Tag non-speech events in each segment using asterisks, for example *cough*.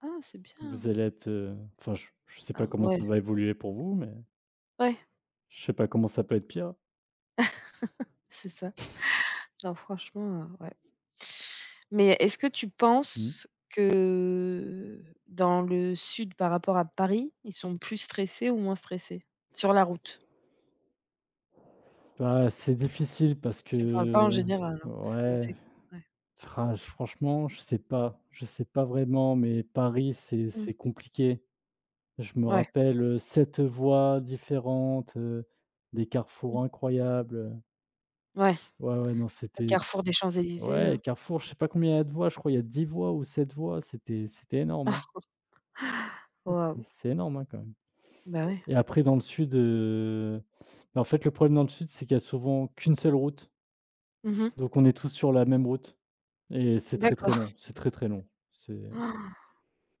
Ah, c'est Vous bien! allez être, heu, enfin je je sais pas Ah, comment mouais. ça va évoluer pour vous mais Ouais. je sais pas comment ça peut être pire. *chuckles* C'est ça. *chuckles* Non, franchement, heu, ouais mais est-ce que tu Mmh. penses que, heu, dans le sud par rapport à Paris, ils sont plus stressés ou moins stressés sur la route? Bah c'est difficile parce Je parle pas en que, général, hein, parce que ouais. c'est ouais. Ah, franchement je sais pas je sais pas vraiment, mais Paris c'est Mmh. c'est compliqué. Je me Ouais. rappelle, heu, 7 voies différentes, heu, des Mmh. carrefours incroyables, heu Ouais. Ouais, ouais, non Au c'était c c carrefour des Champs-Élysées ouais là. les carrefours je sais pas combien il y a de voies, je crois il y a 10 voies ou 7 voies, c'était c'était énorme, hein. *chuckles* Ouais, c'est Waouh! c'est énorme, hein, quand même Bah, ouais. et après dans le sud, heu, bah, en fait, le problème dans le sud c'est qu'il y a souvent qu'une seule route Mmh mh. donc on est tous sur la même route et c'est très, D'accord. très *chuckles* long, c'est très, très long, c'est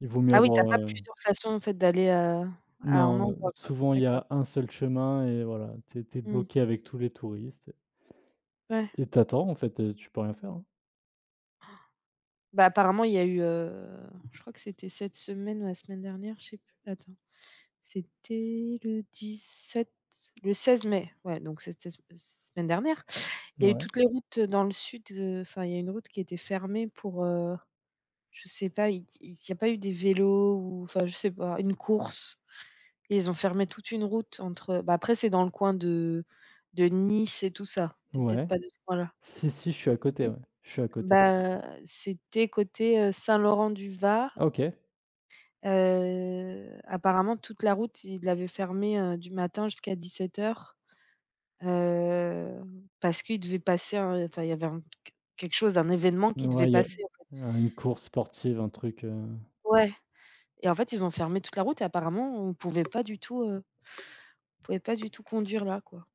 il vaut mieux Ah oui, tu as avoir, pas heu plusieurs façons en fait d'aller, heu, à un Non, heu, endroit, quoi. souvent il y D'accord. a un seul chemin et voilà, tu es tu es Mmh. bloqué avec tous les touristes et Ouais. et tu attends en fait, heu, tu peux rien faire, hein. *gasps* Bah, apparemment il y a eu, heu, je crois que c'était cette semaine ou la semaine dernière, je sais plus, attends. C'était le 17, le 16 mai, ouais, donc c'était, heu, se semaine dernière? Il N y a eu ouais. toutes les routes, heu, dans le sud, heu, enfin il y a une route qui était fermée pour, heu, je sais pas, il il y a pas eu des vélos ou? Enfin je sais pas, une course? Et ils ont fermé toute une route entre, heu bah, après, c'est dans le coin de de Nice et tout ça. Tu es peut-être Ouais. pas de ce coin là. Si, si je suis à côté, Si? ouais, je suis à côté. Ben, c'était côté, heu, Saint-Laurent-du-Var? Ah, OK. Heu, apparemment toute la route, ils l'avaient fermé, heu, du matin jusqu'à 17:00. Heu, parce qu'ils devaient passer, heu enfin il y avait un qu quelque chose, un événement N qui devait ouais il y a, passer, en fait. heu, une course sportive, un truc, heu Ouais et en fait ils ont fermé toute la route et apparemment on pouvait pas du tout, heu, on pouvait pas du tout conduire là, quoi.